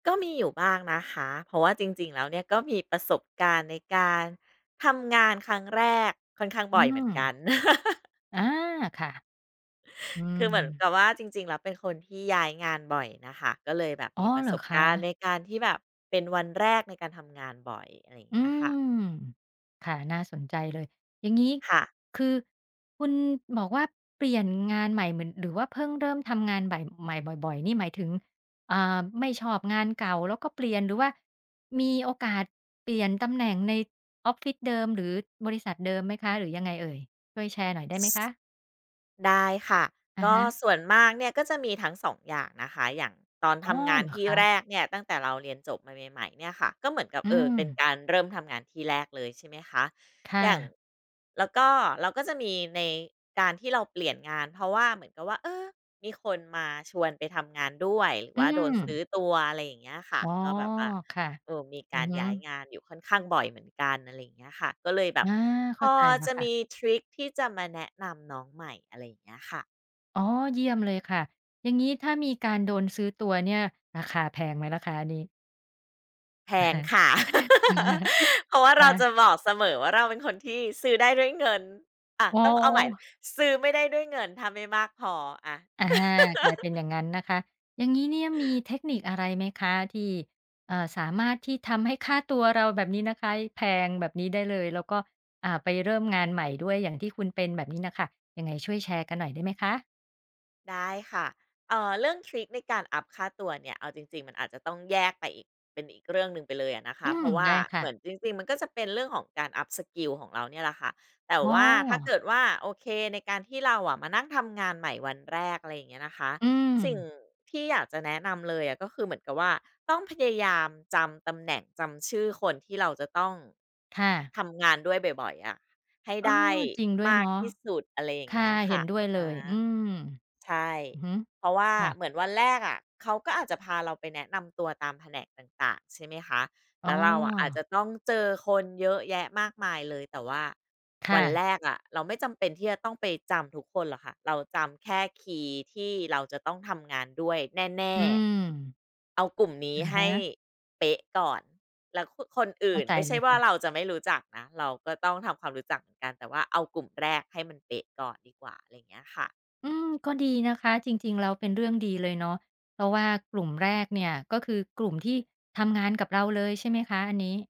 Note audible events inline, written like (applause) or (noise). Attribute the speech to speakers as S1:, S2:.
S1: ก็มีอยู่บ้างนะคะ เพราะว่าจริง ๆ แล้วเนี่ยก็มีประสบการณ์ในการทำงานครั้งแรกค่อนข้าง
S2: อ
S1: บ
S2: ื
S1: ่อยเหมือนกั
S2: ม
S1: น (laughs)
S2: อา ค่ะ อื
S1: คือเหมือนก
S2: ม
S1: ับว่าจริง ๆ แล้วเป็นคนที่ย้ายงานบ่อยน่ะค่ะ ก็เลยแบบ
S2: อ๋
S1: ม
S2: อ
S1: ีปร
S2: เ
S1: ะ
S2: หร
S1: ส
S2: อ
S1: บ
S2: ค
S1: การณ
S2: ะ?
S1: ์ในการที่แบบเป็นวันแรกในการทำงานบ่อย อะไรอย่างเ
S2: อื
S1: งี้ยค่ะ
S2: ม ค่ะ น่าสนใจเลย อย่างงี้
S1: ค่ะ
S2: คือคุณบอกว่า เปลี่ยนงานใหม่เหมือน หรือว่าเพิ่งเริ่มทำงานใหม่ ใหม่บ่อย ๆ นี่หมายถึง อ่า ไม่ชอบงานเก่าแล้วก็เปลี่ยน หรือว่ามีโอกาสเปลี่ยนตำแหน่งในออฟฟิศเดิม หรือบริษัทเดิมไหมคะ? หรือยังไงเอ่ย? ช่วยแชร์หน่อยได้
S1: ซ
S2: ไหมคะ?
S1: ได้ค่ะ
S2: อะ
S1: ก็
S2: ฮะ
S1: ส่วนมากเนี่ย ก็จะมีทั้ง 2 อย่างนะคะ อย่างตอน
S2: อ
S1: ท
S2: ๋อ
S1: ำงาน
S2: เหรอ
S1: ที่
S2: คะ?
S1: แรกเนี่ยตั้งแต่เราเรียนจบมาใหม่ ๆ เนี่ยค่ะ ก็เหมือนกับ
S2: อื
S1: เออ เป็น
S2: ม
S1: การเริ่มทำงานที่แรกเลย ใช่ไหมคะ
S2: ค่
S1: อย่าง
S2: ะ
S1: แล้วก็เราก็จะมีในการที่เราเปลี่ยนงานเพราะว่าเหมือนกับว่า เออ มีคนมาชวนไปทำงานด้วย หรื
S2: อ
S1: อ
S2: ื
S1: ว่าโดนซ
S2: ม
S1: ื้อตัว อะไรอย่างเงี้ยค่ะ
S2: อ๋อ
S1: ก็แบบว่า
S2: ค่ะ
S1: ดูมี
S2: อ
S1: ก
S2: ื
S1: า
S2: อ
S1: ร
S2: ฮ
S1: ย้าย
S2: ึ
S1: งานอยู่ค่อนข้างบ่อยเหมือนกัน อะไรอย่างเงี้ยค่ะ ก็เลยแบ
S2: อ
S1: บ
S2: า
S1: พ
S2: เข้า
S1: อ
S2: ใจแล้
S1: จ
S2: ว
S1: ะ
S2: ค
S1: ม
S2: ่ะ
S1: ีทริกที่จะมาแนะนำน้องใหม่ อะไรอย่างเงี้ยค่ะ
S2: อ๋อ เยี่ยมเลยค่ะ อย่างงี้ถ้ามีการโดนซื้อตัวเนี่ย ราคาแพงไหมล่ะคะอันนี้?
S1: แพ
S2: อะ
S1: ง
S2: ฮะ
S1: ค่ะ
S2: (chuckles)
S1: (laughs) เพราะว่า
S2: ค
S1: เร
S2: ่
S1: า
S2: ะ
S1: จะบอกเสมอว่า เราเป็นคนที่ซื้อได้ด้วยเงิน อะ
S2: อ๋
S1: ต้องเอาใหม่
S2: อ
S1: ซื้อไม่ได้ด้วยเงิน ถ้าไม่มากพอ อะ
S2: อา กลายเป็น
S1: (laughs)
S2: อย่างงั้นนะคะ อย่างงี้เนี่ยมีเทคนิคอะไรไหมคะที่ เอ่อ สามารถที่ทำให้ค่าตัวเราแบบนี้นะคะแพงแบบนี้ได้เลย แล้วก็ อ่า ไปเริ่มงานใหม่ด้วยอย่างที่คุณเป็นแบบนี้น่ะค่ะ ยังไงช่วยแชร์กันหน่อยได้ไหมคะ?
S1: ได้ค่ะ เอ่อ เรื่องทริกในการอัปค่าตัวเนี่ยเอาจริง ๆ มันอาจจะต้องแยกไปอีก เป็นอีกเรื่องหนึ่งไปเลยอะนะค
S2: อ
S1: ะ
S2: ื
S1: เพ
S2: ม
S1: ราะว่
S2: ไ
S1: า
S2: ด้ค
S1: เ
S2: ่
S1: ห
S2: ะ
S1: มือนจริง ๆ มันก็จะเป็นเรื่องของการอัปสกิลของเราเนี่ยแหละค่ะ แต่
S2: อ๋
S1: ว่าถ้าเก
S2: อ
S1: ิดว่า โอเค ในการที่เราอะ มานั่งทำงานใหม่วันแรก อะไรอย่างเงี้ยนะคะ
S2: อื
S1: สิ่ง
S2: ม
S1: ที่อยากจะแนะนำเลยอะ ก็คือเหมือนกับว่า ต้องพยายามจำตำแหน่ง จำชื่อคนที่เราจะต้อง
S2: ค่ะ
S1: ทำงานด้วยบ่อย ๆ อะให้
S2: เอ
S1: ไ
S2: อ
S1: ด้
S2: จริงด้ว
S1: ม
S2: ย
S1: า
S2: เน
S1: ก
S2: าะ
S1: ที่สุด อะไรอย่
S2: ค
S1: างเ
S2: ่
S1: ง
S2: ะ
S1: ี้ย
S2: เ
S1: ค
S2: ห็
S1: ่ะ
S2: นด้วยเล
S1: อะ
S2: ย
S1: ฮ
S2: อื
S1: ะ
S2: ม
S1: ใช่
S2: อือฮึ
S1: เพราะว่า
S2: ค่ะ
S1: เหมือนวันแรกอะ เขาก็อาจจะพาเราไปแนะนำตัวตามแผนกต่าง ๆ ใช่ไหมคะ
S2: อ
S1: แ
S2: ๋
S1: ล้วเราอะ อาจจ
S2: อ
S1: ะต้องเจอคนเยอะแยะมากมายเลย แต่ว่า
S2: ค
S1: ว
S2: ่
S1: ัน
S2: ะ
S1: แรกอะ เราไม่จำเป็นที่จะต้องไปจำทุกคนหรอกค่ะ เราจำแค่คีย์ที่เราจะต้องทำงานด้วยแน่
S2: อืม
S1: ๆ เอากลุ่มนี้
S2: อะ
S1: ให
S2: ฮ
S1: ้
S2: ะ
S1: เป๊ะก่อน แล้ว คึ คนอ
S2: เ
S1: ื
S2: ข
S1: ่
S2: ้า
S1: น
S2: ใจ
S1: ไม่ใช
S2: เ
S1: ่
S2: ลย
S1: ว่
S2: ค
S1: า
S2: ่ะ
S1: เราจะไม่รู้จักนะ เราก็ต้องทำความรู้จักเหมือนกัน แต่ว่าเอากลุ่มแรกให้มันเป๊ะก่อนดีกว่า อะไรอย่างเงี้ยค่ะ
S2: อืม ก็ดีนะคะ จริง ๆ แล้วเป็นเรื่องดีเลยเนาะ เพราะว่ากลุ่มแรกเนี่ย ก็คือกลุ่มที่ทำงานกับเราเลย ใช่ไหมคะอันนี้?